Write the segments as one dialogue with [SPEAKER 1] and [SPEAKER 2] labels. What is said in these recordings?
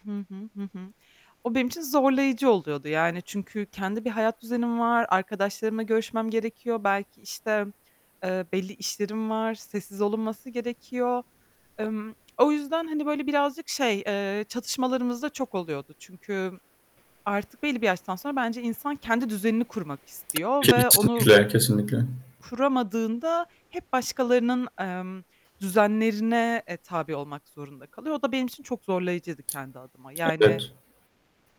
[SPEAKER 1] Hı hı. Hı hı. O benim için zorlayıcı oluyordu yani çünkü kendi bir hayat düzenim var, arkadaşlarımla görüşmem gerekiyor, belki işte, eee, belli işlerim var, sessiz olunması gerekiyor. Emm, o yüzden hani böyle birazcık şey, eee, çatışmalarımız da çok oluyordu çünkü artık belli bir yaştan sonra bence insan kendi düzenini kurmak istiyor ve onu
[SPEAKER 2] Kesinlikle. Kesinlikle.
[SPEAKER 1] kuramadığında hep başkalarının, emm, düzenlerine, eee, tabi olmak zorunda kalıyor. O da benim için çok zorlayıcıydı kendi adıma yani,
[SPEAKER 2] Evet.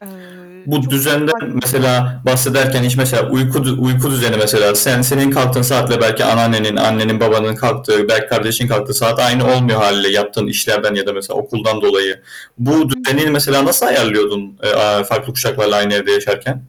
[SPEAKER 1] eee,
[SPEAKER 2] Bu
[SPEAKER 1] çok
[SPEAKER 2] düzenden
[SPEAKER 1] sakin
[SPEAKER 2] mesela
[SPEAKER 1] Hı hı.
[SPEAKER 2] bahsederken hiç mesela uyku, uyku düzeni mesela sen senin kalktığın saatle belki anneannenin, annenin, babanın kalktığı belki kardeşin kalktığı saat aynı olmuyor hâliyle yaptığın işlerden ya da mesela okuldan dolayı, bu
[SPEAKER 1] Hı
[SPEAKER 2] düzeni
[SPEAKER 1] hı.
[SPEAKER 2] mesela nasıl ayarlıyordun, eee, aaa, farklı kuşaklarla aynı evde yaşarken?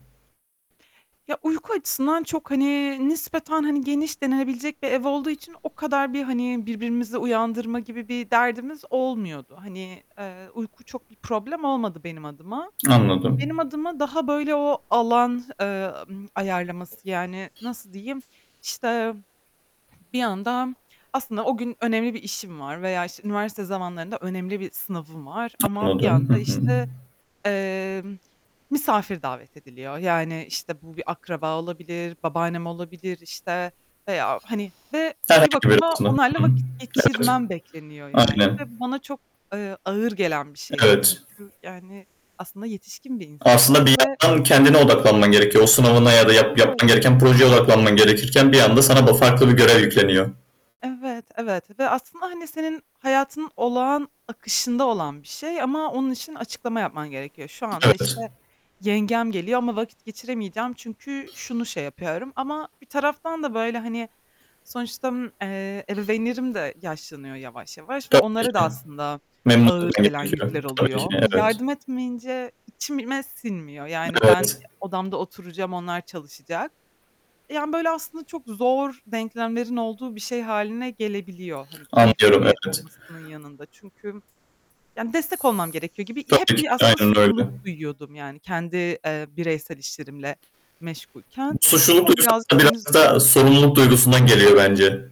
[SPEAKER 1] Ya, uyku açısından çok hani nispeten hani geniş denilebilecek bir ev olduğu için o kadar bir hani birbirimizi uyandırma gibi bir derdimiz olmuyordu. Hani, eee, uyku çok bir problem olmadı benim adıma.
[SPEAKER 2] Anladım.
[SPEAKER 1] Benim adıma daha böyle o alan, eee, ımm, ayarlaması yani nasıl diyeyim, işte bir yandan aslında o gün önemli bir işim var veya işte üniversite zamanlarında önemli bir sınavım var ama bir
[SPEAKER 2] Anladım. Hı
[SPEAKER 1] yanda
[SPEAKER 2] hı.
[SPEAKER 1] işte, eee, misafir davet ediliyor yani işte bu bir akraba olabilir, babaannem olabilir işte veya hani ve bir
[SPEAKER 2] Herhangi bir.
[SPEAKER 1] bakıma
[SPEAKER 2] [unintelligible] Hı
[SPEAKER 1] onlarla
[SPEAKER 2] hı.
[SPEAKER 1] vakit
[SPEAKER 2] Evet.
[SPEAKER 1] geçirmem bekleniyor yani ve
[SPEAKER 2] Aynen.
[SPEAKER 1] bana çok, eee, ağır gelen bir şeydi
[SPEAKER 2] Evet.
[SPEAKER 1] çünkü yani aslında yetişkin bir insandım
[SPEAKER 2] Aslında bir
[SPEAKER 1] ve
[SPEAKER 2] yandan kendine odaklanman gerekiyor. O sınavına ya da yap
[SPEAKER 1] Evet.
[SPEAKER 2] yapman gereken projeye odaklanman gerekirken bir anda sana bu farklı bir görev yükleniyor.
[SPEAKER 1] Evet, evet ve aslında hani senin hayatının olağan akışında olan bir şey ama onun için açıklama yapman gerekiyor. Şu anda işte
[SPEAKER 2] Evet.
[SPEAKER 1] yengem geliyor ama vakit geçiremeyeceğim çünkü şunu şey yapıyorum ama bir taraftan da böyle hani sonuçta, eee, ebeveynlerim de yaşlanıyor yavaş yavaş ve
[SPEAKER 2] Tabii
[SPEAKER 1] onlara da
[SPEAKER 2] ki.
[SPEAKER 1] aslında
[SPEAKER 2] Memnun etmem
[SPEAKER 1] ağır gelen
[SPEAKER 2] gerekiyor.
[SPEAKER 1] yükler
[SPEAKER 2] Tabii ki.
[SPEAKER 1] oluyor. Eee,
[SPEAKER 2] Evet.
[SPEAKER 1] yardım etmeyince içime sinmiyor, yani ben
[SPEAKER 2] Evet.
[SPEAKER 1] odamda oturacağım onlar çalışacak. Yani böyle aslında çok zor denklemlerin olduğu bir şey hâline gelebiliyor, hani
[SPEAKER 2] Anlıyorum,
[SPEAKER 1] keyifli
[SPEAKER 2] evet.
[SPEAKER 1] olmasının yanında çünkü yani destek olmam gerekiyor gibi hep
[SPEAKER 2] Tabii ki
[SPEAKER 1] bir aslında
[SPEAKER 2] aynen
[SPEAKER 1] suçluluk
[SPEAKER 2] öyle.
[SPEAKER 1] duyuyordum, yani kendi, eee, bireysel işlerimle meşgulken
[SPEAKER 2] Bu suçluluk
[SPEAKER 1] ama
[SPEAKER 2] duygusu
[SPEAKER 1] birazcık beni
[SPEAKER 2] biraz
[SPEAKER 1] zor
[SPEAKER 2] da sorumluluk duygusundan geliyor bence.